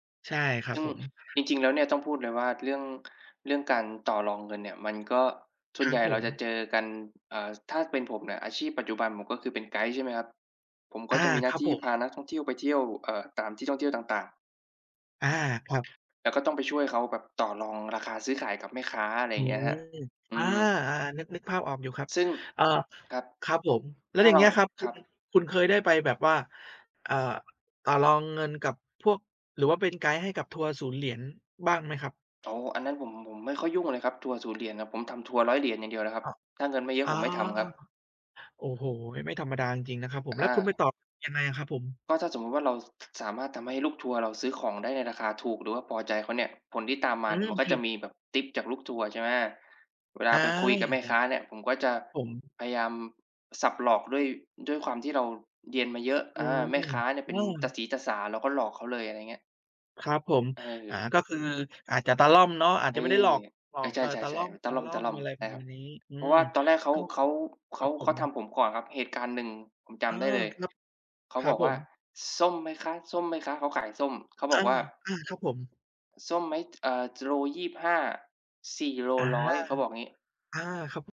ใช่ ครัซบึ่งผม จริง ๆ แล้วเนี่ย ต้องพูดเลยว่า เรื่อง เรื่องการต่อรองเงินเนี่ย มันก็ส่ควนรัใหญบ่ผเราม จะเจอกัน อ่า ถ้าเป็นผมเนี่ย อาชีพปัจจุบันผม ก็คือเป็นไกด์ ใช่ไหมครับ ผมก็อจา ะมีหน้คารับที่ผพาม นักท่องเที่ยวไปเที่ยว เอ่อ ตามที่ท่องเที่ยวต่าง ๆ อา ครับ แล้วก็ต้องไปช่วยเขาแบบต่อรองราคาซื้อขายกับแม่ค้า อะไรออยื่าอ งเงี้ยครับ อือา ม ๆ นึก นึกภาพออกอยู่ครับ ซึ่ง เอ่อ ครับ ครับผม แล้ถว้าอย่าเงรเา งี้ยครับ คคุรัณ บ คุณเคยได้ไปแบบว่า อ่า ต่อรองเงินกับพวก หรือว่าเป็นไกด์ให้กับทัวร์ศูนย์เหรียญบ้างไหมครับ? อ๋อ อันนั้นผม ผมไม่ค่อยยุ่งอะเลยครับ ทัวร์ศูนย์ เหรียญครับ ผมทำทัวร์ 100 เหรียญอย่างเดียวเลยครับ อ้อ ถ้าเงินไม่เยออะา ผมไม่ทำครับ โอ้โฮ! ไม่ธรรมดาจริง ๆ นะครับผม อแล้วคุณไปา ต่อยังไงอะครับผม? ก็ถ้าสมมติว่า เรา ค สามารถทำให้ลูกทัวร์เราซื้อของได้ในราคาถูก หรือว่าพอใจเขาเนี่ย ผลที่ตามมอาืเนี่ยม มันก็ผจิะด มีแบบทิปจากลูกทัวร์ ใช่ไหม เวลาอา ไปคุยกับอยแ่มา่แค้าเนี่ย ผมก็จะน่ะ ผม พยายามสับหลอกด้วย ด้วยความที่เราเรียนมาเยอะ อือม า แม่ค้าเนี่ยเอป็นตาา สีตาสา เราก็หลอกเขาเลย อะไรเงี้ย ครับผม อา เออ ก็คืออาจจะตะล่อมเนาะ อาจเอจะอ ไม่ได้หลอก หลเอออ ก ใชเออ ตะล่ ่อๆ ๆ มันตะล่ม อๆ ม อะไรๆ ใชปร่ะคมรัาบ ณนี้ อืเพราะม ว่าตอนแรกเขา ก็ เขา เขครัา บผเขาม ทำผมก่อนครับ เหตุการณ์หนึ่งผมจเออ ำได้เลย ครับ เขาครับบอกผว่า ม "ส้มไหมคะ ส้มไหมคะ?" เขาขายส้ม เขาบออกา ว่า ๆ ครับผม "ส้มไหม? เอ่อ จ โล 25 สี่โลอา ร้อย" เขาบอกงี้ อา ครับ ผ